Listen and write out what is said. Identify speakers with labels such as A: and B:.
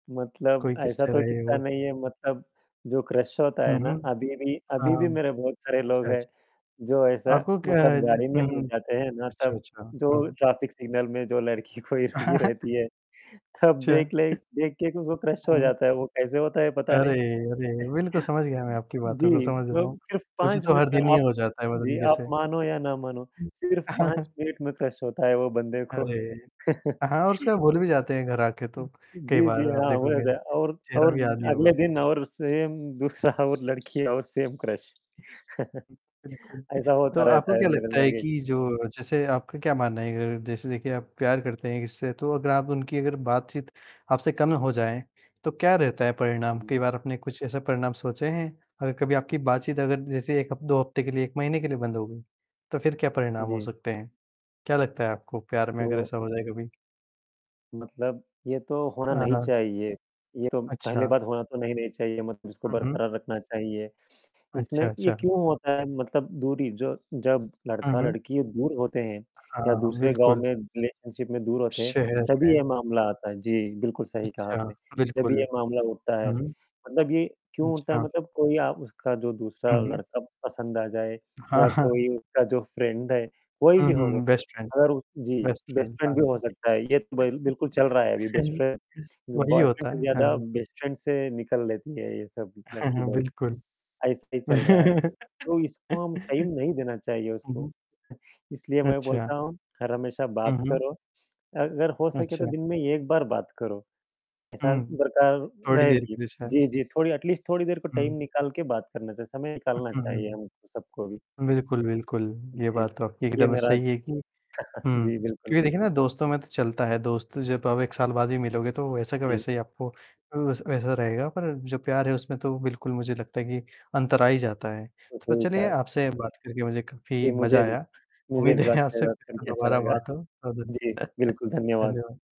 A: मतलब
B: कोई
A: ऐसा
B: किस्से
A: तो
B: रहे
A: किस्सा
B: हो?
A: नहीं है मतलब जो क्रश होता,
B: हुँ,
A: है ना
B: हुँ।
A: अभी भी अभी भी
B: हाँ।
A: मेरे बहुत सारे लोग
B: अच्छा, अच्छा।
A: हैं। जो ऐसा
B: आपको क्या
A: मतलब
B: हुँ,
A: गाड़ी में ही हम लोग
B: हुँ।
A: जाते हैं ना
B: अच्छा,
A: तब,
B: अच्छा, हुँ,
A: जो
B: हुँ।
A: ट्रैफिक सिग्नल में जो लड़की कोई रुकी रहती है। सब
B: अच्छा।
A: देख लें, देख के भी उनको क्रश हो
B: हुँ, हुँ।
A: जाता है, वो कैसे होता है पता
B: अरे!
A: नहीं।
B: अरे! बिल्कुल समझ गया मैं, आपकी बातों को
A: जी,
B: समझ
A: मतलब
B: रहा हूँ।
A: मिनट सिर्फ़
B: मुझे
A: 5
B: तो
A: में
B: हर दिन ये
A: आप
B: हो जाता है पता
A: जी,
B: नहीं
A: आप
B: कैसे।
A: मानो या ना मानो सिर्फ़ 5 मिनट में क्रश होता है वो बंदे को।
B: अरे! हाँ, और उसके बाद भूल भी जाते हैं, घर आके तो कई
A: जी, जी,
B: बार आप
A: हाँ, वही होता
B: देखोगे।
A: है, और
B: चेहरा
A: और
B: भी याद नहीं होगा।
A: अगले दिन और सेम दूसरा, वो लड़की और सेम क्रश
B: बिल्कुल।
A: ऐसा
B: तो
A: होता
B: आपको
A: रहता है,
B: क्या
A: मेरे
B: लगता है
A: लड़के
B: कि जो जैसे आपका क्या मानना है अगर जैसे देखिए आप प्यार करते हैं इससे तो अगर आप उनकी अगर बातचीत आपसे कम हो जाए। तो क्या रहता है परिणाम?
A: जी।
B: कई बार आपने कुछ ऐसा परिणाम सोचें हैं और कभी आपकी बातचीत अगर जैसे 1 हफ 2 हफ्ते के लिए 1 महीने के लिए बंद हो गई। तो फिर क्या परिणाम हो
A: जी।
B: सकते हैं, क्या लगता है आपको प्यार में अगर
A: तो
B: ऐसा हो जाए कभी?
A: मतलब, ये तो होना
B: हाँ,
A: नहीं
B: हाँ।
A: चाहिए। ये तो पहली
B: अच्छा।
A: बात होना तो नहीं नहीं चाहिए मतलब इसको
B: हुँ, हुँ।
A: बरकरार रखना चाहिए। इसमें
B: अच्छा,
A: ये
B: अच्छा।
A: क्यों होता है मतलब दूरी जो जब
B: हुँ, हुँ।
A: लड़का-लड़की दूर होते हैं या
B: हाँ, हाँ,
A: दूसरे गाँव
B: बिल्कुल।
A: में रिलेशनशिप में दूर होते हैं,
B: शहर
A: तभी
B: में
A: ये मामला आता है। जी, बिल्कुल सही कहा
B: अच्छा,
A: आपने। जब ये
B: बिल्कुल।
A: मामला होता है,
B: हुँ, हुँ।
A: मतलब ये क्यों होता है
B: अच्छा।
A: मतलब कोई आ उसका जो दूसरा
B: हुँ, हुँ।
A: लड़का पसंद आ जाए
B: हाँ,
A: या
B: हाँ।
A: कोई उसका जो फ्रेंड है, कोई
B: हुँ,
A: भी हो
B: हुँ,
A: वो।
B: हुँ बेस्ट फ्रेंड,
A: अगर जी,
B: बेस्ट
A: बेस्ट
B: फ्रेंड
A: फ्रेंड
B: हाँ
A: भी हो
B: जी।
A: सकता ह। ये तो ब बिल्कुल चल रहा है अभी बेस्ट फ्रेंड,
B: वही
A: बॉयफ्रेंड
B: होता
A: से
B: है। हाँ
A: ज़्यादा
B: जी।
A: बेस्ट फ्रेंड से निकल लेती हैं, ये सब
B: हुँ,
A: लड़की
B: हुँ,
A: लोग।
B: बिल्कुल।
A: ऐसा ही चल रहा है। तो इसको हम टाइम नहीं देना चाहिए
B: हुँ,
A: उसको।
B: हुँ।
A: इसलिए मैं
B: अच्छा।
A: बोलता हूँ, हर हमेशा
B: हुँ,
A: बात
B: हुँ।
A: करो। अगर हो सके तो
B: अच्छा।
A: दिन में एक बार बात करो, ऐसा
B: हुँ।
A: बरकरार
B: थोड़ी देर
A: रहेगी,
B: के लिए शायद।
A: जी, जी, थोड़ी अटलीस्ट थोड़ी देर को टाइम
B: हुँ।
A: निकाल के बात करना चाहिए, समय
B: उ
A: निकालना
B: हुँ,
A: चाहिए हम
B: हुँ।
A: सबको भी।
B: बिल्कुल, बिल्कुल, ये
A: जी।
B: बात तो आपकी
A: ये
B: एकदम
A: मेरा
B: सही है कि हुँ
A: जी, बिल्कुल।
B: क्योंकि देखिए ना दोस्तों में तो चलता है दोस्त जब अब 1 साल बाद भी मिलोगे तो वैसा का
A: जी।
B: वैसे ही आपको, वै वैसा रहेगा, पर जो प्यार है उसमें तो बिल्कुल मुझे लगता है कि अंतर आ ही जाता है। तो चलिए
A: [unintelligible]
B: आपसे बात करके मुझे काफ़ी
A: जी, मुझे
B: मज़ा
A: भी
B: आया।
A: मुझे
B: उम्मीद
A: भी बात
B: है आपसे
A: करके और
B: फिर से
A: सुनके अच्छा
B: दोबारा
A: लगा।
B: बात हो, [unintelligible]
A: जी, बिल्कुल, धन्यवाद।
B: धन्यवाद।